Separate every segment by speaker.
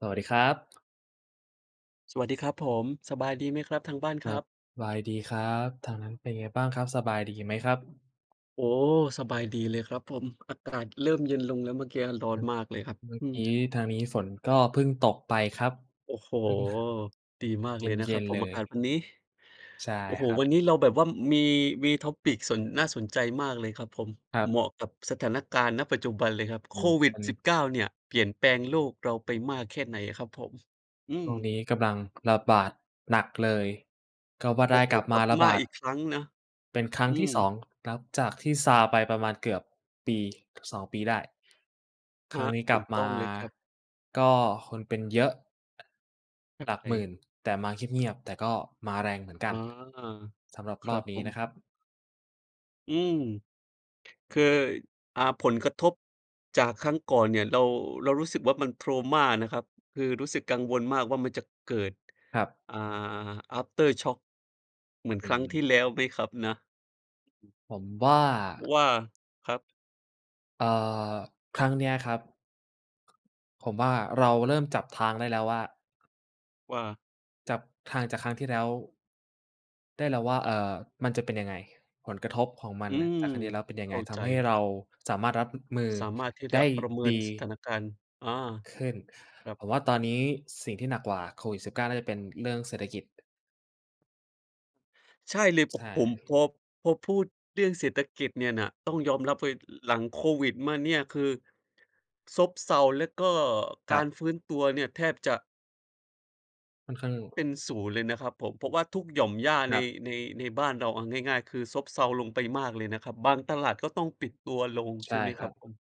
Speaker 1: สวัสดีครับ
Speaker 2: สวัสดีครับผม สบายดีไหมครับทางบ้าน
Speaker 1: ค
Speaker 2: ค
Speaker 1: ร
Speaker 2: ร
Speaker 1: ั
Speaker 2: ั
Speaker 1: บ
Speaker 2: บ?
Speaker 1: สบายดีครับ ทางนั้นเป็นไงบ้างครับ สบายดีไหมครับ?
Speaker 2: โอ้ สบายดีเลยครับผม อากาศเริ่มเย็นลงแล้ว เมื่อกี้อะร้อ
Speaker 1: อ
Speaker 2: น
Speaker 1: ือ
Speaker 2: มากเลยครับ
Speaker 1: เมื่อ
Speaker 2: อื
Speaker 1: ก
Speaker 2: ม
Speaker 1: ี้ทางนี้ฝนก็เพิ่งตกไปครับ
Speaker 2: โอ้โฮ
Speaker 1: อืมม่ะ
Speaker 2: ดีมาก
Speaker 1: เ
Speaker 2: เลยนะ
Speaker 1: ย
Speaker 2: คร
Speaker 1: ็
Speaker 2: ับ
Speaker 1: น
Speaker 2: ผ
Speaker 1: ๆ เ
Speaker 2: ม
Speaker 1: ล
Speaker 2: อา
Speaker 1: ย
Speaker 2: กาศวันนี้
Speaker 1: ใช่
Speaker 2: โอ้โฮ
Speaker 1: ครับ
Speaker 2: วันนี้เราแบบว่ามี มี topic สน น่าสนใจมากเลยครับผม
Speaker 1: ครั
Speaker 2: เ
Speaker 1: บ
Speaker 2: หมาะกับสถานการณ์ ณ ปัจจุบันเลยครับ
Speaker 1: อ
Speaker 2: โ
Speaker 1: ื
Speaker 2: ค
Speaker 1: อ
Speaker 2: วิด
Speaker 1: ฮึ
Speaker 2: -19 เนี่ยเปลี่ยนแปลงโลกเราไปมากแค่ไหนอะครับผม? อื
Speaker 1: ช่วง
Speaker 2: ม
Speaker 1: นี้กำลังระบาดหนักเลยก็ว่า
Speaker 2: โ
Speaker 1: ไ
Speaker 2: อ
Speaker 1: ด
Speaker 2: ้
Speaker 1: ้
Speaker 2: โฮ
Speaker 1: กลับ
Speaker 2: ก
Speaker 1: ม
Speaker 2: ล
Speaker 1: า
Speaker 2: ับ
Speaker 1: ระ
Speaker 2: ม
Speaker 1: บ
Speaker 2: า
Speaker 1: า
Speaker 2: อ
Speaker 1: ด
Speaker 2: ีกครั้งนะ
Speaker 1: เป็นครั้
Speaker 2: อ
Speaker 1: ง
Speaker 2: ื
Speaker 1: ที่ สอ
Speaker 2: ม
Speaker 1: ง นับจากที่ซาไปประมาณเกือบ 1-2 ปีได้
Speaker 2: ค
Speaker 1: คร
Speaker 2: ร
Speaker 1: ั้ง
Speaker 2: ับ
Speaker 1: นี้ก
Speaker 2: ถ
Speaker 1: ลั
Speaker 2: ู
Speaker 1: บ
Speaker 2: ก
Speaker 1: ม
Speaker 2: ต้
Speaker 1: า
Speaker 2: องเลยครับ
Speaker 1: ก็คนเป็นเยอะ หลักหมื่น แต่มาเงียบ ๆ แต่ก็มาแรงเหมือนกั
Speaker 2: อ๋
Speaker 1: น
Speaker 2: อ
Speaker 1: สำหรับ
Speaker 2: ค
Speaker 1: ร
Speaker 2: ร
Speaker 1: อ
Speaker 2: ั
Speaker 1: บ
Speaker 2: บ
Speaker 1: น
Speaker 2: ผ
Speaker 1: ี้นะ
Speaker 2: ม
Speaker 1: ครับ
Speaker 2: อืม คือ อ่า ผลกระทบจากครั้งก่อนเนี่ยเรา เรารู้สึกว่า มัน trauma นะครับ คือรู้สึกกังวลมากว่ามันจะเกิด
Speaker 1: ครับ
Speaker 2: อ่า อาฟเตอร์ช็อกเหมือน
Speaker 1: อื
Speaker 2: ครั้งที่
Speaker 1: ม
Speaker 2: แล้วไหมครับนะ?
Speaker 1: ผมว่า
Speaker 2: ว่า ครับ
Speaker 1: เอ่อ ครั้งเนี้ยครับ ผมว่า เราเริ่มจับทางได้แล้วว่า
Speaker 2: ว่า
Speaker 1: จับทางจากครั้งที่แล้ว ได้แล้วว่า เอ่อ มันจะเป็นยังไง? ผลกระทบของมัน
Speaker 2: อื
Speaker 1: น่ะ
Speaker 2: ม
Speaker 1: จากครั้งที่แล้วเป็นยั
Speaker 2: เข
Speaker 1: งไ
Speaker 2: ้
Speaker 1: ง?
Speaker 2: า
Speaker 1: ท
Speaker 2: ใจ
Speaker 1: ำให้
Speaker 2: เล
Speaker 1: เ
Speaker 2: ย
Speaker 1: ร
Speaker 2: ค
Speaker 1: า
Speaker 2: รับ
Speaker 1: สามารถรับ อ มือ
Speaker 2: สามารถที่
Speaker 1: ไ
Speaker 2: จ
Speaker 1: ด
Speaker 2: ะ
Speaker 1: ้
Speaker 2: ประเมิ
Speaker 1: ด
Speaker 2: น
Speaker 1: ี
Speaker 2: สถานการณ์ อา
Speaker 1: ขึ้น
Speaker 2: ครับ
Speaker 1: ผมว่าตอนนี้สิ่งที่หนักกว่าโควิด-19 น่าจะเป็นเรื่องเศรษฐกิจ
Speaker 2: ใช่เลย ผ
Speaker 1: ใช่
Speaker 2: ผม
Speaker 1: ครั
Speaker 2: พ
Speaker 1: บ
Speaker 2: อ พอพูดเรื่องเศรษฐกิจเนี่ยน่ะ ต้องยอมรับเลยหลังโควิดมาเนี่ย คือ ซบเซา แล้วก็
Speaker 1: ค
Speaker 2: ก
Speaker 1: รั
Speaker 2: า
Speaker 1: บ
Speaker 2: รฟื้นตัวเนี่ย แทบจะ
Speaker 1: ค่อนข้าง
Speaker 2: เป็นศูนย์เลยนะครับผม เพราะว่าทุกหย่อมหญ้า
Speaker 1: ค
Speaker 2: ใน
Speaker 1: รับ
Speaker 2: ใน ในบ้านเรา เอาง่าย ๆ คือซบเซาลงไปมากเลยนะครับ บางตลาดก็ต้องปิดตัวลง
Speaker 1: ใ
Speaker 2: ใ
Speaker 1: ช
Speaker 2: ช่
Speaker 1: ่
Speaker 2: ไหม
Speaker 1: ค
Speaker 2: คร
Speaker 1: รั
Speaker 2: ับ
Speaker 1: บ
Speaker 2: ผม?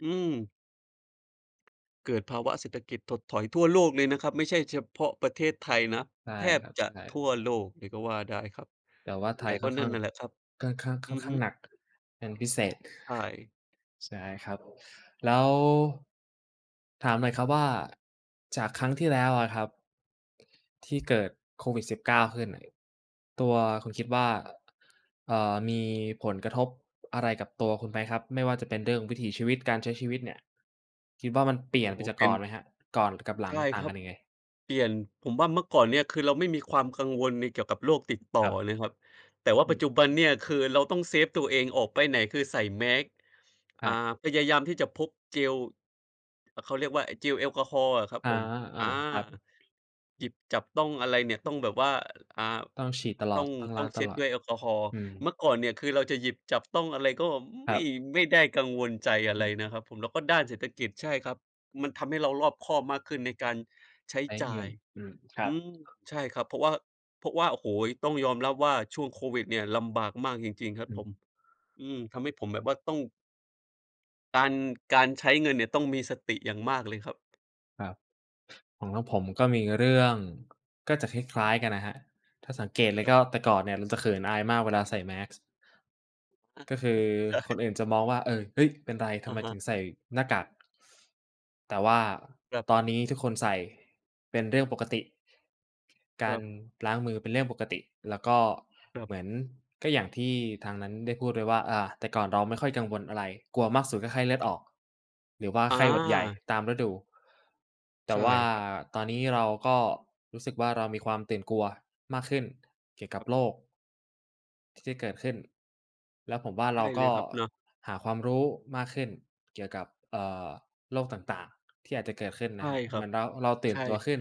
Speaker 2: อือ เกิดภาวะเศรษฐกิจถดถอยทั่วโลกเลยนะครับ ไม่ใช่เฉพาะประเทศไทยนะ
Speaker 1: ใช่
Speaker 2: แท
Speaker 1: ค
Speaker 2: บ
Speaker 1: รับ
Speaker 2: จ
Speaker 1: ใ
Speaker 2: ะ
Speaker 1: ช
Speaker 2: ท
Speaker 1: ่
Speaker 2: ั่วโลกเลยก็ว่าได้ครับ
Speaker 1: แต่ว่า ไท
Speaker 2: แต
Speaker 1: ย
Speaker 2: ่ก
Speaker 1: ค่
Speaker 2: ็
Speaker 1: อน
Speaker 2: น
Speaker 1: ข
Speaker 2: ั่
Speaker 1: ้า
Speaker 2: น
Speaker 1: ง
Speaker 2: น่ะแหละครับ
Speaker 1: ค่อนข้าง ค
Speaker 2: อื
Speaker 1: ่อน
Speaker 2: อ
Speaker 1: ข
Speaker 2: ฮ
Speaker 1: ้า
Speaker 2: ึ
Speaker 1: งหนักเป็นพิเศษ
Speaker 2: ใช่
Speaker 1: ใช่ครับ แล้ว ถามหน่อยครับว่า จากครั้งที่แล้วอะครับ ที่เกิดโควิด-19 ขึ้นน่ะ ตัวคุณคิดว่า เอ่อ มีผลกระทบอะไรกับตัวคุณไหมครับ? ไม่ว่าจะเป็นเรื่องวิถีชีวิต การใช้ชีวิตเนี่ย คิดว่ามันเปลี่
Speaker 2: โอ
Speaker 1: ย
Speaker 2: ้
Speaker 1: น
Speaker 2: โ
Speaker 1: ไ
Speaker 2: ฮ
Speaker 1: ปจาก
Speaker 2: เป
Speaker 1: ก
Speaker 2: ็
Speaker 1: ่
Speaker 2: น
Speaker 1: อนไหมครับ? ก่อนกับหลั
Speaker 2: ใช
Speaker 1: ง
Speaker 2: ่
Speaker 1: ต่า
Speaker 2: ค
Speaker 1: ง
Speaker 2: รั
Speaker 1: กั
Speaker 2: บ
Speaker 1: นยังไง?
Speaker 2: เปลี่ยน ผมว่าเมื่อก่อนเนี้ย คือเราไม่มีความกังวลในเกี่ยวกับโรคติดต
Speaker 1: ค
Speaker 2: ่อ
Speaker 1: รับ
Speaker 2: เลยครับ แต่ว่า
Speaker 1: อื
Speaker 2: ปั
Speaker 1: อ
Speaker 2: จจุบันเนี่ย คือเราต้องเซฟตัวเอง ออกไปไหนคือใส่แมสก์
Speaker 1: ค
Speaker 2: อ่
Speaker 1: ร
Speaker 2: า
Speaker 1: ับ
Speaker 2: พยายามที่จะพกเจล อะ เขาเรียกว่า ไอ้เจลแอลกอฮอล์อะครับ
Speaker 1: อ๋อ
Speaker 2: ผม
Speaker 1: อา
Speaker 2: อา
Speaker 1: ครับ
Speaker 2: หยิบ จับต้องอะไรเนี่ยต้องแบบว่า อ่า
Speaker 1: ต้องฉีดตล
Speaker 2: ต
Speaker 1: อ
Speaker 2: ้อ
Speaker 1: ด
Speaker 2: ง
Speaker 1: ต้องล
Speaker 2: ต
Speaker 1: ้
Speaker 2: ้
Speaker 1: า
Speaker 2: อ
Speaker 1: ง
Speaker 2: งเช
Speaker 1: ต
Speaker 2: ็ด
Speaker 1: ลอด
Speaker 2: ด้วยแอลกอฮอล์
Speaker 1: อืม
Speaker 2: เมื่อก่อนเนี่ย คือเราจะหยิบ จับต้องอะไรก็
Speaker 1: ค
Speaker 2: ไม
Speaker 1: ร
Speaker 2: ่
Speaker 1: ับ
Speaker 2: ไม่ได้กังวลใจอะ
Speaker 1: อื
Speaker 2: ไร
Speaker 1: อฮ
Speaker 2: น
Speaker 1: ึ
Speaker 2: ะครับผม แล้วก็ด้านเศรษฐกิจ ใช่ครับ มันทำให้เรารอบคอบมากขึ้น ในการใช้
Speaker 1: ใช้
Speaker 2: จ่
Speaker 1: เง
Speaker 2: า
Speaker 1: ิ
Speaker 2: ย
Speaker 1: น อืม คร
Speaker 2: อื
Speaker 1: ับ
Speaker 2: ม ใช่ครับ เพราะว่า เพราะว่า โอ้โฮ ต้องยอมรับว่า ช่วงโควิดเนี่ยลำบากมากจริง ๆ ครั
Speaker 1: อ
Speaker 2: บ
Speaker 1: ื
Speaker 2: ผ
Speaker 1: อ
Speaker 2: ม อืม ทำให้ผมแบบว่าต้อง การ การใช้เงินเนี่ยต้องมีสติอย่างมากเลยครับ
Speaker 1: ครับ ของทางผมก็มีเรื่อง ก็จะค
Speaker 2: อ
Speaker 1: ล
Speaker 2: ือฮ
Speaker 1: ้
Speaker 2: ึ
Speaker 1: าย ๆ กันนะครับ ถ้าสังเกตเ
Speaker 2: ค
Speaker 1: ลย
Speaker 2: รั
Speaker 1: ก
Speaker 2: บ
Speaker 1: ็แต่ก่อนเนี่ยมันจะเขินอายมากเวลาใส่แมสก์
Speaker 2: อา
Speaker 1: ก็คือ
Speaker 2: ใช่
Speaker 1: คนอื่นจะมองว่า เออ เฮ้ย เป็นไร ท
Speaker 2: อ
Speaker 1: ำ
Speaker 2: ะ
Speaker 1: ไม
Speaker 2: ฮ
Speaker 1: ถึ
Speaker 2: ะ
Speaker 1: งใส่หน้ากาก? แต่ว่า
Speaker 2: ครับ
Speaker 1: ตอนนี้ทุกคนใส่เป็นเรื่องปกติ กา
Speaker 2: คร
Speaker 1: ร
Speaker 2: ับ
Speaker 1: ล้างมือเป็นเรื่องปกติ แล้วก็
Speaker 2: ครับ
Speaker 1: เหมือน ก็อย่างที่ทางนั้นได้พูดไว้ว่า อา แต่ก่อนเราไม่ค่อยกังวลอะไร กลัวมากสุดก็ไข้เลือดออก หรือว่า
Speaker 2: อ
Speaker 1: ไข้หวัดใหญ่
Speaker 2: า
Speaker 1: ตามฤดู แต
Speaker 2: ใ
Speaker 1: ่
Speaker 2: ช่
Speaker 1: ว่า
Speaker 2: ครับ
Speaker 1: ตอนนี้เราก็รู้สึกว่าเรามีความตื่นกลัวมากขึ้นเกี่ยวกับ
Speaker 2: ครับ
Speaker 1: โรค ที่จะเกิดขึ้น แล้วผมว่า
Speaker 2: ใ
Speaker 1: เ
Speaker 2: ช
Speaker 1: รา
Speaker 2: ่
Speaker 1: ก
Speaker 2: เล
Speaker 1: ็
Speaker 2: ยครับเนาะ
Speaker 1: หาความรู้มากขึ้นเกี่ยวกับ เอ่อ โรคต่าง ๆ ที่อาจจะเกิดขึ้น
Speaker 2: ใช
Speaker 1: น
Speaker 2: ่
Speaker 1: ะครับ
Speaker 2: ค
Speaker 1: เ
Speaker 2: ร
Speaker 1: หม
Speaker 2: ั
Speaker 1: ื
Speaker 2: บ
Speaker 1: อนเรา เราตื่
Speaker 2: ใช
Speaker 1: นตัว
Speaker 2: ่
Speaker 1: ขึ้น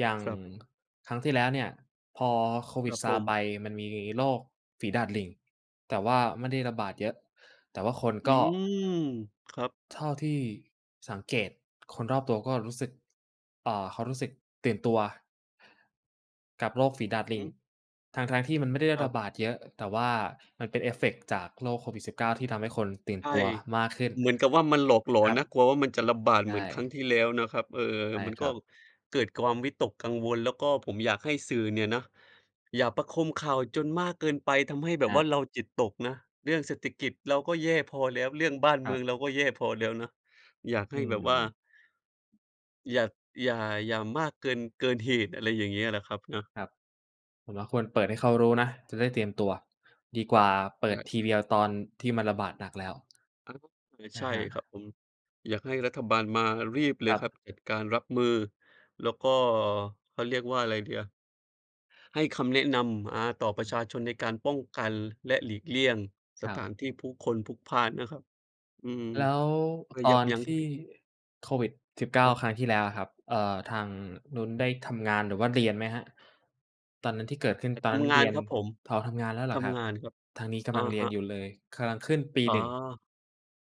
Speaker 1: อย่าง
Speaker 2: ครับ
Speaker 1: ครั้งที่แล้วเนี่ยพอโคว
Speaker 2: ค
Speaker 1: ิ
Speaker 2: ร
Speaker 1: ด
Speaker 2: ับ
Speaker 1: ซ
Speaker 2: ผ
Speaker 1: าไป
Speaker 2: ม
Speaker 1: มันมีโรคฝีดาษลิง แต่ว่าไม่ได้ระบาดเยอะ แต่ว่าคน
Speaker 2: อื
Speaker 1: ก็
Speaker 2: ม ครับ
Speaker 1: เท่าที่สังเกตคนรอบตัวก็รู้สึก เอ่อ เขารู้สึกตื่นตัว กับโรคฝีดาษล
Speaker 2: อื
Speaker 1: ิ
Speaker 2: อ
Speaker 1: ง
Speaker 2: ฮึ
Speaker 1: ทั้ง ๆ ที่มันไม่ได้
Speaker 2: คร
Speaker 1: ร
Speaker 2: ั
Speaker 1: ะ
Speaker 2: บ
Speaker 1: บาดเยอะ แต่ว่ามันเป็น เอฟเฟกต์ จากโรคโควิด-19 ที่ทำให้คนตื่น
Speaker 2: ใช่
Speaker 1: ตัวมากขึ้น
Speaker 2: เหมือนกับว่ามันหลอกหลอ
Speaker 1: คร
Speaker 2: น
Speaker 1: ับ
Speaker 2: นะ กลัวว่ามันจะระบาด
Speaker 1: ใช
Speaker 2: เหมือนครั้
Speaker 1: ่
Speaker 2: งที่แล้วนะครับ เออ
Speaker 1: ใช่
Speaker 2: มัน
Speaker 1: ค
Speaker 2: ก
Speaker 1: ร
Speaker 2: ็
Speaker 1: ับ
Speaker 2: เกิดความ วิตกกังวล แล้วก็ผมอยากให้สื่อเนี่ยนะอย่าประโคมข่าวจนมากเกินไป ทำให้แบ
Speaker 1: ค
Speaker 2: บ
Speaker 1: รั
Speaker 2: ว่า
Speaker 1: บ
Speaker 2: เราจิตตกนะ เรื่องเศรษฐกิจเราก็แย่พอแล้ว เรื่องบ้าน
Speaker 1: ค
Speaker 2: เม
Speaker 1: รั
Speaker 2: ือง
Speaker 1: บ
Speaker 2: เราก็แย่พอแล้วนะ อยากใ
Speaker 1: อ
Speaker 2: ห
Speaker 1: ื
Speaker 2: ้แบบว่า
Speaker 1: ม
Speaker 2: อยาก อย่า อย่ามากเกิน เกินเหตุ อะไรอย่างเงี้ยแหละครับเนาะ
Speaker 1: ครับ ผมว่าควรเปิดให้เขารู้นะจะได้เตรียมตัว ดีกว่าเป
Speaker 2: ใ
Speaker 1: ิ
Speaker 2: ช
Speaker 1: ด
Speaker 2: ่
Speaker 1: ที
Speaker 2: ค
Speaker 1: วีเอาตอนที่มันระบาดหนักแล้ว
Speaker 2: อา เออ ใ
Speaker 1: น
Speaker 2: ช
Speaker 1: ะ
Speaker 2: ่
Speaker 1: ครั
Speaker 2: คร
Speaker 1: บ
Speaker 2: ับผม อยากให้รัฐบาลมา รีบเล
Speaker 1: ค
Speaker 2: ย
Speaker 1: รั
Speaker 2: ค
Speaker 1: บ
Speaker 2: รับ จัดการรับมือ แล้วก็ เขาเรียกว่าอะไรดีอะ ให้คำแนะนำ อา ต่อป
Speaker 1: อื
Speaker 2: ระ
Speaker 1: ม
Speaker 2: ชาชนในการป้องกันและหลีกเลี่ยงส
Speaker 1: ครั
Speaker 2: ถ
Speaker 1: บ
Speaker 2: านที่ผู้คนพลุกพล่านนะครับ อืม
Speaker 1: แล้ว
Speaker 2: เพื่อ
Speaker 1: ต
Speaker 2: ยั
Speaker 1: อ
Speaker 2: บ
Speaker 1: น
Speaker 2: ยั้ง
Speaker 1: ที่โควิด-19
Speaker 2: ครับ
Speaker 1: ครั้งที่แล้วอะครับ เอ่อ ทางนู้นได้ทำงานหรือว่าเรียนไหมครับ? ตอนนั้นที่เกิดขึ้น
Speaker 2: แต่
Speaker 1: ตอน
Speaker 2: ท
Speaker 1: นั้น
Speaker 2: ำง
Speaker 1: เร
Speaker 2: า
Speaker 1: ี
Speaker 2: น
Speaker 1: ยน
Speaker 2: ครับผม
Speaker 1: อ๋อ ทำงานแล้วเหร
Speaker 2: ท
Speaker 1: อครั
Speaker 2: ำ
Speaker 1: บ?
Speaker 2: งานครับ
Speaker 1: ทางนี้ก
Speaker 2: อ
Speaker 1: ำ
Speaker 2: ะ
Speaker 1: ลังเรี
Speaker 2: ฮ
Speaker 1: ยน
Speaker 2: ะ
Speaker 1: อยู่เลย กำลัง ขึ้นปี
Speaker 2: อ๋อ
Speaker 1: 1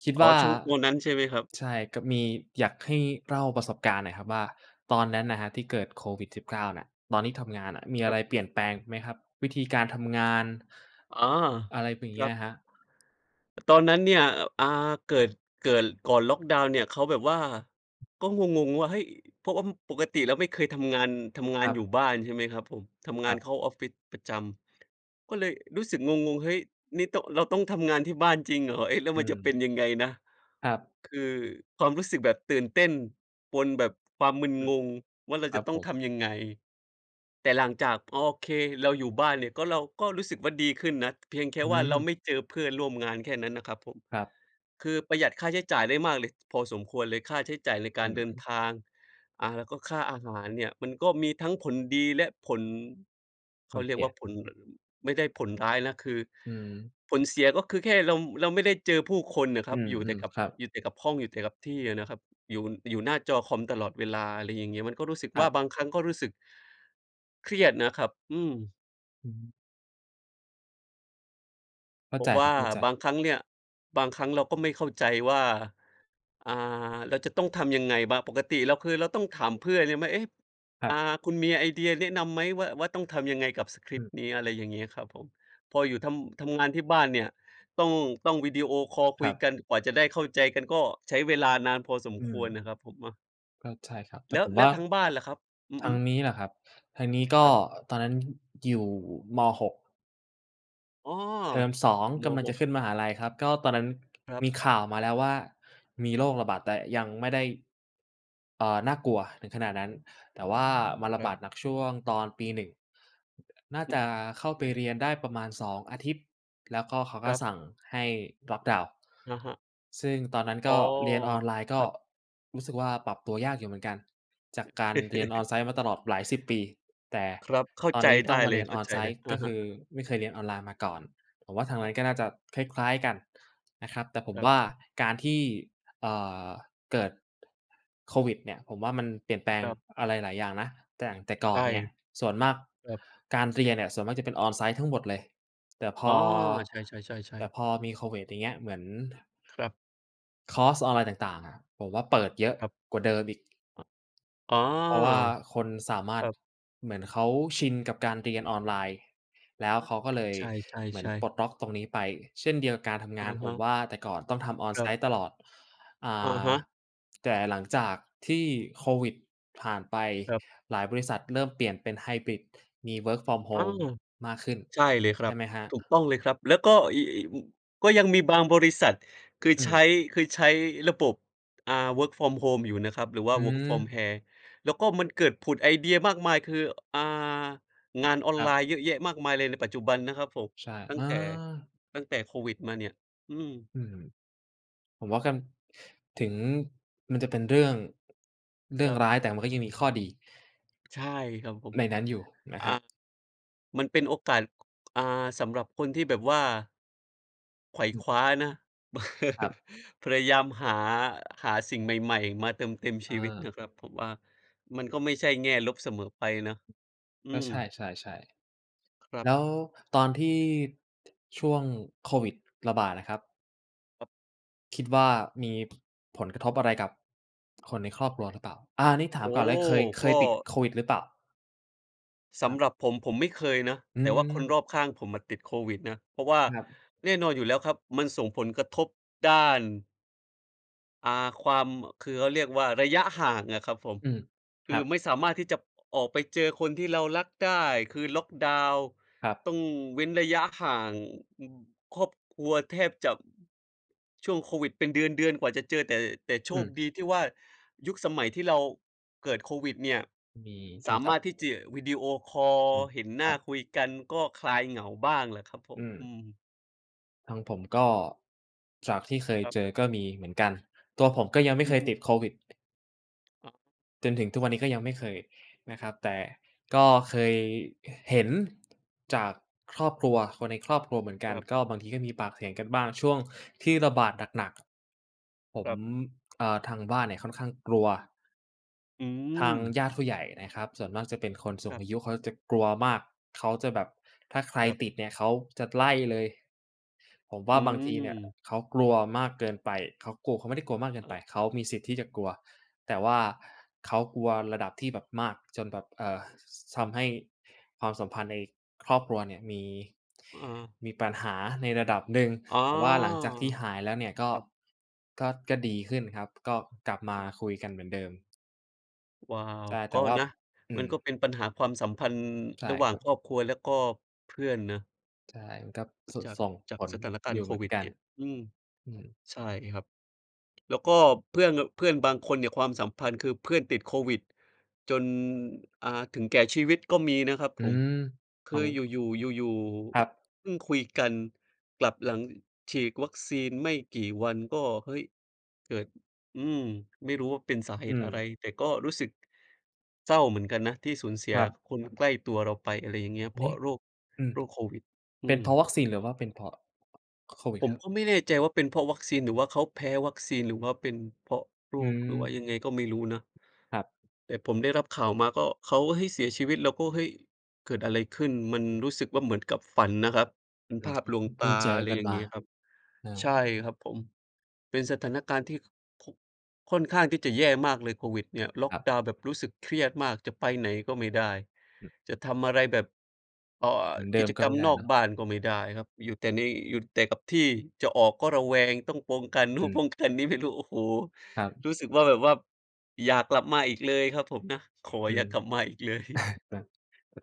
Speaker 1: คิด
Speaker 2: อ๋
Speaker 1: ว
Speaker 2: อ
Speaker 1: ่า
Speaker 2: ช่วง วันนั้นใช่ไหมครับ?
Speaker 1: ใช่ ก็มี อยากให้เล่าประสบการณ์หน่อยครับว่า ตอนนั้นน่ะครับที่เกิดโควิด-19 น่ะ ตอนที่ทำงานมีอ
Speaker 2: ค
Speaker 1: ะ
Speaker 2: ร
Speaker 1: ไ
Speaker 2: ั
Speaker 1: ร
Speaker 2: บ
Speaker 1: เปลี่ยนแปลงไหมครับ วิธีการทำงาน?
Speaker 2: อ๋อ
Speaker 1: อะไรเป็นอย่า
Speaker 2: ค
Speaker 1: งเง
Speaker 2: ร
Speaker 1: ี้
Speaker 2: ั
Speaker 1: ย
Speaker 2: บ
Speaker 1: อะครับ
Speaker 2: ตอนนั้นเนี่ย อ อา เกิด เกิด ก่อนล็อกดาวน์เนี่ย เขาแบบว่า ก็งง ๆ ว่า เฮ่ย เพราะว่าปกติแล้วไม่เคยทำงาน ทำงา
Speaker 1: ค
Speaker 2: น
Speaker 1: รั
Speaker 2: อ
Speaker 1: บ
Speaker 2: ยู่บ้าน ใช่ไหมครับผม ทำง
Speaker 1: ค
Speaker 2: า
Speaker 1: ร
Speaker 2: น
Speaker 1: ั
Speaker 2: เข
Speaker 1: บ
Speaker 2: ้าออฟฟิศประจำ ก็เลยรู้สึกงง ๆ เฮ้ย นี่ ต เราต้องทำงานที่บ้านจริงเหรอ? เอ๊ะ แล้ว
Speaker 1: อื
Speaker 2: มันจะเป็น
Speaker 1: ม
Speaker 2: ยังไงนะ?
Speaker 1: ครับ
Speaker 2: คือความรู้สึกแบบตื่นเต้นปนแบบความมึน
Speaker 1: อื
Speaker 2: ง
Speaker 1: อ
Speaker 2: งว่า เรา
Speaker 1: คร
Speaker 2: จ
Speaker 1: ั
Speaker 2: ะ
Speaker 1: บ
Speaker 2: ต้
Speaker 1: ผ
Speaker 2: อง
Speaker 1: ม
Speaker 2: ทำยังไง? แต่หลังจาก โอเค เราอยู่บ้านเนี่ยก็ เราก็รู้สึกว่าดีขึ้นนะ เพียงแค่
Speaker 1: อื
Speaker 2: ว่าเรา
Speaker 1: ม
Speaker 2: ไม่เจอเพื่อนร่วมงานแค่นั้นน่ะครับผม
Speaker 1: ครับ
Speaker 2: คือประหยัดค่าใช้จ่ายได้มากเลย พอสมควรเลย ค่าใช้จ่ายรายก
Speaker 1: อื
Speaker 2: าร
Speaker 1: ม
Speaker 2: เดิ
Speaker 1: อ
Speaker 2: น
Speaker 1: ือ
Speaker 2: ทาง อา แล้วก็ค่าอาหารเนี่ย มันก็มีทั้งผลดีและผล เข
Speaker 1: มั
Speaker 2: า
Speaker 1: น
Speaker 2: เร
Speaker 1: เ
Speaker 2: ี
Speaker 1: ส
Speaker 2: ยก
Speaker 1: ี
Speaker 2: ว่
Speaker 1: ย
Speaker 2: าผล ไม่ได้ผลร้ายนะ คือ
Speaker 1: อืม
Speaker 2: ผลเสียก็คือแค่เรา เราไม่ได้เจอผู้คนน่ะค
Speaker 1: อื
Speaker 2: รับ อยู่แต่
Speaker 1: ม
Speaker 2: กับ
Speaker 1: ๆ ครับ
Speaker 2: อยู่แต่กับห้อง อยู่แต่กับที่อะนะครับ อยู่ อยู่หน้าจอคอมตลอดเวลา อะไรอย่างเงี้ย มันก็รู้สึก
Speaker 1: ค
Speaker 2: ว่
Speaker 1: ร
Speaker 2: า
Speaker 1: ับ
Speaker 2: บางครั้งก็รู้สึก เครียดนะครับ อืม
Speaker 1: อือฮึ เข้
Speaker 2: เ
Speaker 1: า
Speaker 2: พร
Speaker 1: ใจ
Speaker 2: าะว
Speaker 1: คร
Speaker 2: ่
Speaker 1: ั
Speaker 2: า
Speaker 1: บ เข้าใ
Speaker 2: บ
Speaker 1: จ
Speaker 2: างครั้งเนี่ย บางครั้งเราก็ไม่เข้าใจว่า อ่า เราจะต้องทำยังไงบ้าง? ปกติเราเคย เราต้องถามเพื่อนหรือไม่ เอ๊ะ!
Speaker 1: ครั
Speaker 2: อ่า
Speaker 1: บ
Speaker 2: คุณมีไอเดียแนะนำไหมว่า ว่าต้องทำยังไงกับสกร
Speaker 1: อ
Speaker 2: ิปต
Speaker 1: ืม
Speaker 2: ์เนี้ย? อะไรอย่างเงี้ย ครับผม พออยู่ทำ ทำงานที่บ้านเนี่ย ต้อง ต้องวิดีโอคอลค
Speaker 1: ค
Speaker 2: ุ
Speaker 1: ร
Speaker 2: ย
Speaker 1: ับ
Speaker 2: กัน กว่าจะได้เข้าใจกัน ก็ใช้เวลานานพอสม
Speaker 1: อื
Speaker 2: ควร
Speaker 1: ม
Speaker 2: นะครับ ผมอะ
Speaker 1: ก็ ใช่ครับ แต
Speaker 2: แล
Speaker 1: ่
Speaker 2: ้
Speaker 1: ผ
Speaker 2: ว
Speaker 1: ม
Speaker 2: แล
Speaker 1: ว
Speaker 2: ้
Speaker 1: ่า
Speaker 2: วทางบ้านล่ะครับ? อื
Speaker 1: ท
Speaker 2: อ
Speaker 1: า
Speaker 2: ฮึ
Speaker 1: งนี้เหรอครับ ทางนี้ก
Speaker 2: ค
Speaker 1: ็
Speaker 2: รับ
Speaker 1: ตอนนั้นอยู่ ม. 6
Speaker 2: อ้อ
Speaker 1: เทอม 2
Speaker 2: ม.
Speaker 1: กำลัง
Speaker 2: ห
Speaker 1: จะ
Speaker 2: ก
Speaker 1: ขึ้นมหาลัยครับ ก็ตอนนั้น
Speaker 2: ครั
Speaker 1: ม
Speaker 2: บ
Speaker 1: ีข่าวมาแล้วว่า มีโรคระบาด แต่ยังไม่ได้ เอ่อ น่ากลัวถึงขนาดนั้น แต่ว่ามาร
Speaker 2: ค
Speaker 1: ะ
Speaker 2: รั
Speaker 1: บ
Speaker 2: บ
Speaker 1: าดหนักช่วงตอนปี 1 น น่า
Speaker 2: ฮ
Speaker 1: จ
Speaker 2: ึ
Speaker 1: ะเข้า
Speaker 2: อ
Speaker 1: ไป
Speaker 2: ืม
Speaker 1: เรียนได้ประมาณ 2 อาทิตย์ แล้วก็เขา
Speaker 2: ค
Speaker 1: ก็
Speaker 2: รับ
Speaker 1: สั่งให้ Lockdown
Speaker 2: อะฮะ
Speaker 1: ซึ่งตอนนั้น
Speaker 2: อ
Speaker 1: ก
Speaker 2: ๋อ
Speaker 1: ็เรียนออนไลน์ ก
Speaker 2: ค
Speaker 1: ็
Speaker 2: รับ
Speaker 1: รู้สึกว่าปรับตัวยากอยู่เหมือนกัน จากการเรียน on-site มาตลอดหลาย 10 ปี แต่
Speaker 2: ครับ เข้า
Speaker 1: ตอน
Speaker 2: ใจ
Speaker 1: นี้
Speaker 2: ไ
Speaker 1: ต
Speaker 2: ด
Speaker 1: ้อ
Speaker 2: ้
Speaker 1: งมา
Speaker 2: เล
Speaker 1: เรี
Speaker 2: ย
Speaker 1: ยน
Speaker 2: เข้าใจเลย
Speaker 1: on-site
Speaker 2: อ
Speaker 1: ก็
Speaker 2: ะ
Speaker 1: ค
Speaker 2: ฮะ
Speaker 1: ือไม่เคยเรียนออนไลน์มาก่อน ผมว่าทางนั้นก็น่าจะคล้าย ๆ กันนะครับ แต่ผ
Speaker 2: ค
Speaker 1: ม
Speaker 2: รั
Speaker 1: ว
Speaker 2: บ
Speaker 1: ่า การที่ เอ่อ เกิดโควิดเนี่ย ผมว่ามันเปลี่ยนแปลง
Speaker 2: ครับ
Speaker 1: อะไรหลายอย่างนะ แต่อย่าง แต่ก
Speaker 2: ใ
Speaker 1: ่
Speaker 2: ช
Speaker 1: อน
Speaker 2: ่
Speaker 1: เนี่ย ส่วนมาก
Speaker 2: ครับ
Speaker 1: การเรียนเนี่ย ส่วนมากจะเป็น on-site ทั้งหมดเลย แต่พ
Speaker 2: อ๋อ
Speaker 1: อ
Speaker 2: ใช่
Speaker 1: แต
Speaker 2: ๆ
Speaker 1: ่
Speaker 2: ๆ ๆ
Speaker 1: พอมีโควิดอย่างเงี้ย เหมือน
Speaker 2: ครับ
Speaker 1: คอร์สออนไลน์ต่าง ๆ อะ ผมว่าเปิดเยอะ
Speaker 2: ครับ
Speaker 1: กว่าเดิมอีก
Speaker 2: อ๋อ
Speaker 1: เพราะว่าคนสามา
Speaker 2: ค
Speaker 1: รถ
Speaker 2: รับ
Speaker 1: เหมือนเขาชินกับการเรียนออนไลน์แล
Speaker 2: อ
Speaker 1: ้ว เขาก็เล
Speaker 2: า
Speaker 1: ย
Speaker 2: ใช
Speaker 1: เหมือน
Speaker 2: ่
Speaker 1: ป
Speaker 2: ๆ
Speaker 1: ล
Speaker 2: ๆ
Speaker 1: ดล็อกตรงนี้ไป เช่นเดียวกับการท
Speaker 2: อ
Speaker 1: ำง
Speaker 2: ะ
Speaker 1: าน ผ
Speaker 2: ฮ
Speaker 1: ม
Speaker 2: ะ
Speaker 1: ว่าแต่ก่อนต้องทำ
Speaker 2: ครับ
Speaker 1: on-site ตลอด อ่
Speaker 2: อะ
Speaker 1: า
Speaker 2: ฮะ
Speaker 1: แต่หลังจากที่โควิดผ่านไป
Speaker 2: ครับ
Speaker 1: หลายบริษัทเริ่มเปลี่ยนเป็นไฮบริด มี work from
Speaker 2: อา
Speaker 1: home มากขึ้น
Speaker 2: ใช่เลยค
Speaker 1: ใช
Speaker 2: รั
Speaker 1: ่
Speaker 2: บ
Speaker 1: ไหมครั
Speaker 2: ถูก
Speaker 1: บ?
Speaker 2: ต้องเลยครับ แล้วก็ ย ย ม ก็ยังมีบางบริษัท คือ
Speaker 1: อ
Speaker 2: ใช
Speaker 1: ืม
Speaker 2: ้ คือใช้ระบบ อ่า work from home อยู่นะครับ หรือว่
Speaker 1: อ
Speaker 2: า
Speaker 1: ื
Speaker 2: work from
Speaker 1: อ
Speaker 2: hair แล้วก็มันเกิดผุดไอเดียมากมาย คือ อ่า งานออน
Speaker 1: คร
Speaker 2: ไ
Speaker 1: ั
Speaker 2: ล
Speaker 1: บ
Speaker 2: น์เยอะแยะมากมายเลย ในปัจจุบันนะครับผม
Speaker 1: ใช่
Speaker 2: ตั
Speaker 1: เ
Speaker 2: ้
Speaker 1: อ
Speaker 2: ง
Speaker 1: อ
Speaker 2: แต่ ตั้งแต่โควิดมาเนี่ย อืม
Speaker 1: อืม ผมว่าการ ถึงมันจะเป็นเรื่อง เรื่
Speaker 2: ค
Speaker 1: อ
Speaker 2: ร
Speaker 1: ง
Speaker 2: ับ
Speaker 1: ร้าย แต่มันก็ยังมีข้อดี
Speaker 2: ใช่ ครับผม
Speaker 1: ในนั้นอยู่นะ
Speaker 2: อ
Speaker 1: ค
Speaker 2: ่า
Speaker 1: รับ
Speaker 2: มันเป็นโอกาส อ่า สำหรับคนที่แบบว่า ไขว่
Speaker 1: อืม
Speaker 2: คว้านะ
Speaker 1: ครับ
Speaker 2: พยายามหา หาสิ่งใหม่ ๆ มาเติมเต็ม
Speaker 1: เ
Speaker 2: ชีวิตน
Speaker 1: ออ
Speaker 2: ะครับ ผมว่ามันก็ไม่ใช่แง่ลบเสมอไปนะ อ
Speaker 1: ก
Speaker 2: ื
Speaker 1: ็ใช
Speaker 2: ม
Speaker 1: ่ ๆ
Speaker 2: ครั
Speaker 1: ๆ แ
Speaker 2: บ
Speaker 1: ล้วตอนที่ช่วงโควิดระบาดอะครับ
Speaker 2: ครับ
Speaker 1: คิดว่า มี ผลกระทบอะไรกับคนในครอบครัวหรือเปล่า? อา นี่ถา
Speaker 2: โ
Speaker 1: ม
Speaker 2: อ
Speaker 1: ก่อ
Speaker 2: ้
Speaker 1: นเลยเคย เค
Speaker 2: โฮ! ก
Speaker 1: ย
Speaker 2: ็
Speaker 1: ติดโควิดหรือเปล่า?
Speaker 2: ส
Speaker 1: ครั
Speaker 2: ำ
Speaker 1: บ
Speaker 2: หรับผม ผมไม่เคยนะ
Speaker 1: อื
Speaker 2: แต่ว่าคน
Speaker 1: ม
Speaker 2: รอบข้างผมอะติดโควิดนะ เพราะว่า
Speaker 1: ครับ
Speaker 2: แน่นอนอยู่แล้วครับ มันส่งผลกระทบด้าน อ่า ความ คือเขาเรียกว่า ระยะห่างอะครับผม
Speaker 1: อืม
Speaker 2: ค
Speaker 1: ค
Speaker 2: ื
Speaker 1: รั
Speaker 2: อ
Speaker 1: บ
Speaker 2: ไม่สามารถที่จะออกไปเจอคนที่เรารักได้ คือล็อกดาวน์
Speaker 1: ครั
Speaker 2: ต
Speaker 1: บ
Speaker 2: ้องเว้นระยะห่าง อือ ครอบครัวแทบจะ ช่วงโควิดเป็นเดือน ๆ กว่าจะเจอแต่ แต่โช
Speaker 1: อื
Speaker 2: ค
Speaker 1: ม
Speaker 2: ดีที่ว่า ยุคสมัยที่เราเกิดโควิดเนี่ย
Speaker 1: มีโท
Speaker 2: สา
Speaker 1: รศ
Speaker 2: ม
Speaker 1: ัพท
Speaker 2: า
Speaker 1: ์
Speaker 2: รถที่ จะ วีดีโอคอล
Speaker 1: อืม
Speaker 2: เห็นหน
Speaker 1: ค
Speaker 2: ้
Speaker 1: รั
Speaker 2: า
Speaker 1: บ
Speaker 2: คุยกันก็คลายเหงาบ้างแหละครับผ
Speaker 1: อื
Speaker 2: ม อ
Speaker 1: ม
Speaker 2: ืม
Speaker 1: ทางผม ก็จากที่เคย
Speaker 2: ครับ
Speaker 1: เจอก็มีเหมือนกัน ตัวผมก็ยังไม่
Speaker 2: อ
Speaker 1: เ
Speaker 2: ื
Speaker 1: ค
Speaker 2: อ
Speaker 1: ย
Speaker 2: ฮึ
Speaker 1: ติดโควิด
Speaker 2: อ๋อ
Speaker 1: จนถึงทุกวันนี้ก็ยังไม่เคยนะครับ แต่ก็เคย อ เห็นจากครอบครัว คนในครอบครัวเหมือนกัน
Speaker 2: ครับ
Speaker 1: ก็บางทีก็มีปากเสียงกันบ้างช่วงที่ระบาดหนัก ๆ ผ
Speaker 2: ค
Speaker 1: ม
Speaker 2: รับ
Speaker 1: เอ่อ ทางบ้านเนี่ยค่อนข้างกลัว
Speaker 2: อื
Speaker 1: ทาง
Speaker 2: ม
Speaker 1: ญาติผู้ใหญ่นะครับ ส่วนมากจะเป็นคนสู
Speaker 2: ค
Speaker 1: ง
Speaker 2: รับ
Speaker 1: อายุ เขาก็จะกลัวมาก เขาจะแบบถ้าใคร
Speaker 2: ครับ
Speaker 1: ติดเนี่ยเขาจะไล่เลย ผมว่
Speaker 2: อ
Speaker 1: า
Speaker 2: ื
Speaker 1: บางทีเนี่ย เ
Speaker 2: ม
Speaker 1: ขากลัวมาก เกินไป เขากลัว เขาไม่ได้กลัวมากเกินไป เขามีสิทธิ์ที่จะกลัว แต่ว่าเขากลัวระดับที่แบบมากจนแบบ เอ่อ ส ท
Speaker 2: ครับ
Speaker 1: ำให้ความสัมพันธ์ในครอบครัวเนี่ยมี
Speaker 2: อา
Speaker 1: มีปัญหาในระดับหนึ่ง
Speaker 2: อ๋อ
Speaker 1: แต่ว่าหลังจากที่หายแล้วเนี่ย ก็
Speaker 2: ครับ
Speaker 1: ก็ ก็ดีขึ้นครับ ก็กลับมาคุยกันเหมือนเดิม
Speaker 2: ว้าว
Speaker 1: ได้ แต
Speaker 2: ก
Speaker 1: ่
Speaker 2: ็
Speaker 1: ว่า
Speaker 2: นะ
Speaker 1: อื
Speaker 2: มัน
Speaker 1: ม
Speaker 2: ก็เป็นปัญหาความสัมพันธ์
Speaker 1: ใช่
Speaker 2: ระหว่
Speaker 1: ค
Speaker 2: า
Speaker 1: ร
Speaker 2: ง
Speaker 1: ั
Speaker 2: ค
Speaker 1: บ
Speaker 2: รอบครัวแล้วก็เพื่อนน่ะ
Speaker 1: ใช่ มันก็
Speaker 2: อุ
Speaker 1: ส
Speaker 2: จาก
Speaker 1: ส่อง
Speaker 2: จ
Speaker 1: ผ
Speaker 2: าก
Speaker 1: ล
Speaker 2: สถานกา
Speaker 1: อ
Speaker 2: ร
Speaker 1: ย
Speaker 2: ณ
Speaker 1: ู่
Speaker 2: ์โค
Speaker 1: เหมื
Speaker 2: ว
Speaker 1: อน
Speaker 2: ิด
Speaker 1: กั
Speaker 2: เน
Speaker 1: น
Speaker 2: ี่ย อืม
Speaker 1: อืม
Speaker 2: ใช่ครับ แล้วก็เพื่อนแบบ เพื่อนบางคนเนี่ย ความสัมพันธ์ คือเพื่อนติดโควิดจน อา ถึงแก่ชีวิตก็มีนะครับ
Speaker 1: อื
Speaker 2: ผม
Speaker 1: ม
Speaker 2: ค
Speaker 1: ฟั
Speaker 2: ืออ
Speaker 1: ง
Speaker 2: ยู่ ๆ อยู่
Speaker 1: ครับ
Speaker 2: ๆ เพิ่งคุยกัน กลับหลังฉีกวัคซีนไม่กี่วันก็ เฮ้ย เกิด อืม ไม่รู้ว่าเป็นสาเห
Speaker 1: อื
Speaker 2: ตุอะไร
Speaker 1: ม
Speaker 2: แต่ก็รู้สึกเศร้าเหมือนกันนะที่สูญเสี
Speaker 1: ค
Speaker 2: ย
Speaker 1: รับ
Speaker 2: คนใกล้ตัวเราไป อะไรอย่างเงี้ย
Speaker 1: อั
Speaker 2: เพ
Speaker 1: น
Speaker 2: ร
Speaker 1: น
Speaker 2: า
Speaker 1: ี
Speaker 2: ะ
Speaker 1: ้
Speaker 2: โรค
Speaker 1: อืม
Speaker 2: โรคโควิด อื
Speaker 1: เป็นเพราะ
Speaker 2: ม
Speaker 1: วัคซีนหรือว่าเป็นเพราะ โควิด
Speaker 2: ผม
Speaker 1: ครับ?
Speaker 2: ก็ไม่แน่ใจว่าเป็นเพราะวัคซีน หรือว่าเขาแพ้วัคซีน หรือว่าเป็นเพราะโร
Speaker 1: อื
Speaker 2: ค หรือว่า
Speaker 1: ม
Speaker 2: ยังไงก็ไม่รู้นะ
Speaker 1: ครับ
Speaker 2: แต่ผมได้รับข่าวมาก็ เขาก็ เฮ้ย เสียชีวิต เราก็ เฮ้ย เกิดอะไรขึ้น มัน
Speaker 1: อือ
Speaker 2: รู้สึกว่าเหมือนกับฝันนะครับ เป็น
Speaker 1: อื
Speaker 2: ภ
Speaker 1: อ
Speaker 2: า
Speaker 1: ฮ
Speaker 2: พ
Speaker 1: ึ
Speaker 2: ลวง
Speaker 1: เ
Speaker 2: ต
Speaker 1: พิ่
Speaker 2: า
Speaker 1: งเจ
Speaker 2: อ
Speaker 1: อ
Speaker 2: ะไร
Speaker 1: กัน
Speaker 2: อย่าง
Speaker 1: ม
Speaker 2: เง
Speaker 1: า
Speaker 2: ี้ยครับ
Speaker 1: เออ
Speaker 2: ใช่ครับผม เป็นสถานการณ์ที่ ค ค่อนข้างที่จะแย่มากเลยโควิดเนี่ย ล็อ
Speaker 1: ค
Speaker 2: ค
Speaker 1: รับ
Speaker 2: ดาวน์แบบรู้สึกเครียดมาก จะไปไหนก็ไม่ได้
Speaker 1: อืม
Speaker 2: จะทำอะไรแบบ เอ่อ
Speaker 1: เหมือนเด
Speaker 2: ก
Speaker 1: ิ
Speaker 2: ิ
Speaker 1: ม
Speaker 2: จ
Speaker 1: ก็
Speaker 2: กร
Speaker 1: ไ
Speaker 2: ร
Speaker 1: ม่
Speaker 2: ม
Speaker 1: ได้
Speaker 2: นอ
Speaker 1: เน
Speaker 2: ก
Speaker 1: าะ
Speaker 2: บ้านก็ไม่ได้ครับ อยู่แต่ใน อยู่แต่กับที่ จะออกก็ระแวง ต้องปองกัน นู
Speaker 1: อ
Speaker 2: ่น
Speaker 1: ืม
Speaker 2: ป้องกันนี้ ไม่รู้ โอ้โฮ
Speaker 1: ครับ
Speaker 2: รู้สึกว่า แบบว่าอย่ากลับมาอีกเลยครับผมนะ ขอ
Speaker 1: อื
Speaker 2: อย่า
Speaker 1: ม
Speaker 2: กลับมาอีก เลย
Speaker 1: แบบ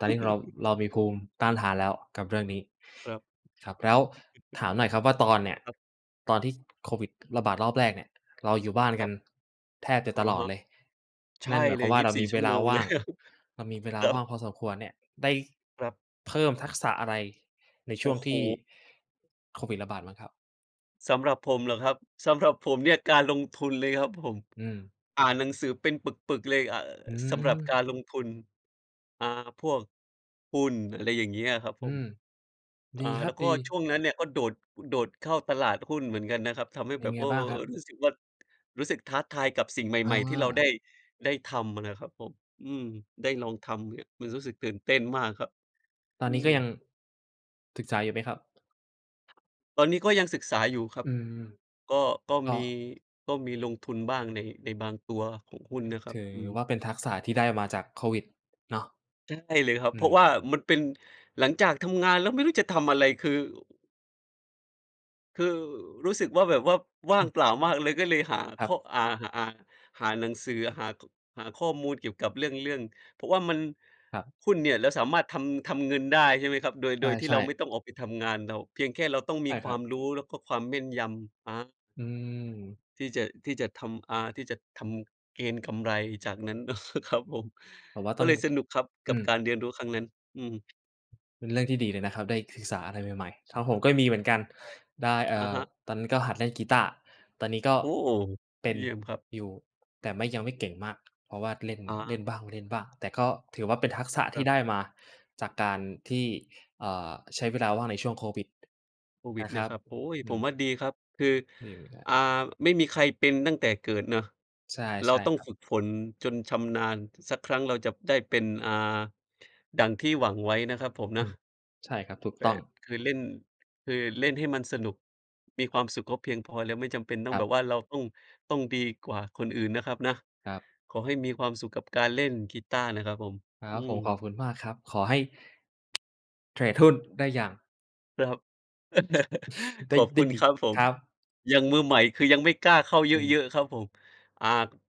Speaker 1: ตอนนี้เรา เรามีภูมิต้านทานแล้วกับเรื่องนี้
Speaker 2: ครับ
Speaker 1: ครับ แล้วถามหน่อยครับว่าตอนเนี่ย
Speaker 2: ครับ
Speaker 1: ตอนที่โควิดระบาดรอบแรกเนี่ย เราอยู่บ้าน
Speaker 2: ค
Speaker 1: กั
Speaker 2: รั
Speaker 1: น
Speaker 2: บ
Speaker 1: แทบจะ
Speaker 2: อ
Speaker 1: ต
Speaker 2: ะ
Speaker 1: ลอ
Speaker 2: ฮ
Speaker 1: ด
Speaker 2: ะ
Speaker 1: เลย
Speaker 2: ใช
Speaker 1: น
Speaker 2: ่
Speaker 1: ั่นหมาย
Speaker 2: เ
Speaker 1: ค
Speaker 2: ล
Speaker 1: วาม
Speaker 2: ย
Speaker 1: ว่า
Speaker 2: ยี
Speaker 1: เ
Speaker 2: บ
Speaker 1: รา
Speaker 2: ส
Speaker 1: ม
Speaker 2: ี่
Speaker 1: ี
Speaker 2: ช
Speaker 1: เว
Speaker 2: ั่ว
Speaker 1: ล
Speaker 2: โม
Speaker 1: า
Speaker 2: ง
Speaker 1: ว
Speaker 2: เล
Speaker 1: ่า
Speaker 2: ย
Speaker 1: ง
Speaker 2: ครับ
Speaker 1: เรามีเวลา
Speaker 2: ครั
Speaker 1: ว่
Speaker 2: บ
Speaker 1: างพอสมควรเนี่ย ได้
Speaker 2: ครับ
Speaker 1: เพิ่มทักษะอะไรในช
Speaker 2: โอ
Speaker 1: ่ว
Speaker 2: ้
Speaker 1: ง
Speaker 2: โฮ
Speaker 1: ที่ โควิดระบาดบ้างครับ?
Speaker 2: สำหรับผมเหรอครับ? สำหรับผมเนี่ยการลงทุนเลยครับผม
Speaker 1: อืม
Speaker 2: อ่านหนังสือเป็นปึก ๆ เลย อ่า
Speaker 1: อื
Speaker 2: สำหรับก
Speaker 1: ม
Speaker 2: ารลงทุน อ่า พวก หุ้น อะไรอย่างงี้อะครับผ
Speaker 1: อื
Speaker 2: ม
Speaker 1: ม ด
Speaker 2: อ
Speaker 1: ี
Speaker 2: ่า
Speaker 1: คร
Speaker 2: แ
Speaker 1: ั
Speaker 2: ล
Speaker 1: บ
Speaker 2: ้วก
Speaker 1: ด
Speaker 2: ็
Speaker 1: ี
Speaker 2: ช่วงนั้นเนี่ยก็โดด โดดเข้าตลาดหุ้นเหมือนกันนะครับ ทำให้
Speaker 1: เป็
Speaker 2: แบ
Speaker 1: น
Speaker 2: บ
Speaker 1: ไง
Speaker 2: อ้อ!
Speaker 1: บ้างครับ?
Speaker 2: รู้สึกว่า รู้สึกท้าทายกับสิ่งใ
Speaker 1: อ
Speaker 2: หม่ ๆ ที่เราได
Speaker 1: า
Speaker 2: ้ ได้ทำนะครับผม อืม ได้ลองทำเนี่ยมันรู้สึกตื่นเต้นมากครับ
Speaker 1: ตอ
Speaker 2: อ
Speaker 1: น
Speaker 2: ื
Speaker 1: นี้ก็ยัง
Speaker 2: ม
Speaker 1: ศึกษาอยู่ไหมครับ?
Speaker 2: ตอนนี้ก็ยังศึกษาอยู่ครั
Speaker 1: อื
Speaker 2: บ
Speaker 1: ม
Speaker 2: ก็ ก็
Speaker 1: ก็
Speaker 2: มี ก็มีลงทุนบ้างใน ในบางตัวของหุ้นนะครั
Speaker 1: ถ
Speaker 2: บ
Speaker 1: ือ
Speaker 2: อืม
Speaker 1: ว่าเป็นทักษะที่ได้มาจากโควิดเนาะ
Speaker 2: ใช่เลยครับ
Speaker 1: อื
Speaker 2: เพรา
Speaker 1: ม
Speaker 2: ะว่ามันเป็น หลังจากทำงานแล้วไม่รู้จะทำอะไร คือ คือรู้สึกว่าแบบว่า ว่า
Speaker 1: อ
Speaker 2: ง
Speaker 1: ือ
Speaker 2: เปล่ามากเลยก็เลยหา
Speaker 1: ค
Speaker 2: ข
Speaker 1: รั
Speaker 2: ้อ
Speaker 1: บ
Speaker 2: อ่า หา หาหนังสือ หา ข หาข้อมูลเกี่ยวกับเรื่อง เรื่อง เพราะว่ามัน
Speaker 1: ครับ
Speaker 2: หุ้นเนี่ยเราสามารถทำ ทำเงินได้ ใช่ไหมครับ โดย
Speaker 1: ใ
Speaker 2: โดยที่
Speaker 1: ช
Speaker 2: เร
Speaker 1: ่
Speaker 2: าไม่
Speaker 1: ๆ
Speaker 2: ต้องออกไปทำงาน เรา เพียงแค่เราต้อง
Speaker 1: ใ
Speaker 2: มี
Speaker 1: ช่
Speaker 2: ค
Speaker 1: ค
Speaker 2: ว
Speaker 1: รั
Speaker 2: า
Speaker 1: บ
Speaker 2: มรู้แล้วก็ความแม่นยำ ฮะ?
Speaker 1: อืม
Speaker 2: ที่จะ ที่จะทำ อ่า ที่จะทำเกณฑ์กำไรจากนั้น ครับผม
Speaker 1: ผมว่า
Speaker 2: ก
Speaker 1: ต
Speaker 2: ็
Speaker 1: ้อง
Speaker 2: เลยสนุกครับก
Speaker 1: อ
Speaker 2: ั
Speaker 1: ื
Speaker 2: บ
Speaker 1: ม
Speaker 2: การเรียนรู้ครั้งนั้น อืม
Speaker 1: เป็นเรื่องที่ดีเลยนะครับ ได้ศึกษาอะไรใหม่ ๆ ครับผม ก็มีเหมือนกัน
Speaker 2: ใช่
Speaker 1: ได้ เอ่
Speaker 2: อะ
Speaker 1: อ
Speaker 2: ฮะ
Speaker 1: ตอนนั้นก็หัดเล่นกีตาร์ ตอนนี้ก็
Speaker 2: โอ้!
Speaker 1: เป็น
Speaker 2: เยี่ยมครับ
Speaker 1: อยู่ แต่ไม่ ยังไม่เก่งมาก เพราะว่าเล่น
Speaker 2: อะฮ
Speaker 1: เล
Speaker 2: ะ
Speaker 1: ่นบ้าง ไม่เล่นบ้าง แต่ก็ถือว่าเป็นทักษะ
Speaker 2: ค
Speaker 1: ที
Speaker 2: ร
Speaker 1: ่
Speaker 2: ับ
Speaker 1: ได้มาจากการที่ เอ่อ ใช้เวลาว่างในช่วงโควิด
Speaker 2: โควิ
Speaker 1: น
Speaker 2: ด
Speaker 1: ะค
Speaker 2: เนี
Speaker 1: ร
Speaker 2: ่
Speaker 1: ั
Speaker 2: ย
Speaker 1: บ
Speaker 2: ครับ โอ๊ย!
Speaker 1: อื
Speaker 2: ผม
Speaker 1: ม
Speaker 2: ว่าดีครับ คือ
Speaker 1: [unintelligible]
Speaker 2: อ่า ไม่มีใครเป็นตั้งแต่เกิดเนาะ
Speaker 1: ใช่
Speaker 2: เร
Speaker 1: ใ
Speaker 2: า
Speaker 1: ช่
Speaker 2: ต้อ
Speaker 1: ค
Speaker 2: ง
Speaker 1: รับ
Speaker 2: ฝึกฝนจนชำนาญสักครั้ง เราจะได้เป็น อ่า ดั่งที่หวังไว้นะครับผม
Speaker 1: อ
Speaker 2: น
Speaker 1: ื
Speaker 2: ะ
Speaker 1: ม ใช่ครับ ถูก
Speaker 2: แบ
Speaker 1: ต้อง
Speaker 2: บ คือเล่น คือเล่นให้มันสนุกมีความสุขก็เพียงพอแล้ว ไม่จำเป็นต้อ
Speaker 1: ค
Speaker 2: ง
Speaker 1: ร
Speaker 2: แ
Speaker 1: ั
Speaker 2: บ
Speaker 1: บ
Speaker 2: บว่า เราต้อง ต้องดีกว่าคนอื่นนะครับนะ
Speaker 1: ครับ
Speaker 2: ขอให้มีความสุขกับการเล่นกีตาร์นะครับผม
Speaker 1: คร
Speaker 2: อ
Speaker 1: ั
Speaker 2: ื
Speaker 1: บผม
Speaker 2: ม
Speaker 1: ขอบคุณมากครับ ขอให้ เทรดหุ้นได้อย่าง
Speaker 2: ครับ
Speaker 1: ได้
Speaker 2: ขอบ
Speaker 1: ได
Speaker 2: ค
Speaker 1: ้
Speaker 2: ุณ
Speaker 1: ดิ
Speaker 2: ครับผ
Speaker 1: ค
Speaker 2: ม
Speaker 1: รับ
Speaker 2: ยังมือใหม่ คือยังไม่กล้าเข้าเ
Speaker 1: อืม
Speaker 2: ยอะ ๆ ครับผม อ่า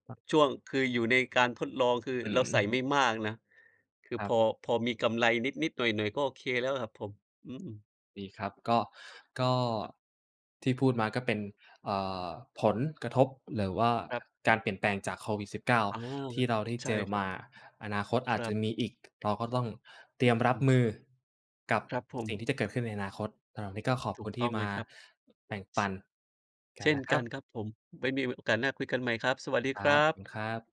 Speaker 1: ครับ
Speaker 2: ช่วง คืออยู่ในการทดลอง คือ
Speaker 1: อ
Speaker 2: เราใส่
Speaker 1: ืม
Speaker 2: ไม่มากนะ คือ
Speaker 1: ครั
Speaker 2: พ
Speaker 1: บ
Speaker 2: อ พอมีกำไรนิด ๆ หน่อย ๆ ก็โอเคแล้วครับผม อืม
Speaker 1: ดีครับ ก็ ก็
Speaker 2: ครับ
Speaker 1: ที่พูดมาก็เป็น เอ่อ ผลกระทบหรือว่า
Speaker 2: ครับ
Speaker 1: การเปลี่ยนแปลงจาก โควิด-19
Speaker 2: อา
Speaker 1: ที่เราได้
Speaker 2: ใช
Speaker 1: เ
Speaker 2: ่
Speaker 1: จอ
Speaker 2: คร
Speaker 1: ม
Speaker 2: ับ
Speaker 1: า อนาคตอ
Speaker 2: ค
Speaker 1: าจ
Speaker 2: รั
Speaker 1: จะ
Speaker 2: บ
Speaker 1: มีอีก เราก็ต้องเต
Speaker 2: อ
Speaker 1: รียมรับ
Speaker 2: ืม
Speaker 1: มือกับ
Speaker 2: ครับผม
Speaker 1: สิ่งที่จะเกิดขึ้นในอนาคต เออ นี่ก็ขอบ
Speaker 2: ถ
Speaker 1: ค
Speaker 2: ู
Speaker 1: ุ
Speaker 2: ก
Speaker 1: ณ ท
Speaker 2: ต
Speaker 1: ี
Speaker 2: ้
Speaker 1: ่
Speaker 2: อง
Speaker 1: ม
Speaker 2: เล
Speaker 1: า
Speaker 2: ยครับ
Speaker 1: แบ่งปันก
Speaker 2: เ
Speaker 1: ั
Speaker 2: ช
Speaker 1: น
Speaker 2: ่
Speaker 1: น
Speaker 2: น
Speaker 1: ะค
Speaker 2: ก
Speaker 1: รั
Speaker 2: ันคร
Speaker 1: บ
Speaker 2: ับผม ไว้มี โอกาสหน้าคุยกันใหม่ครับ สวัสดี
Speaker 1: คร
Speaker 2: ค
Speaker 1: ั
Speaker 2: รั
Speaker 1: บ คุ
Speaker 2: บ
Speaker 1: ณครับ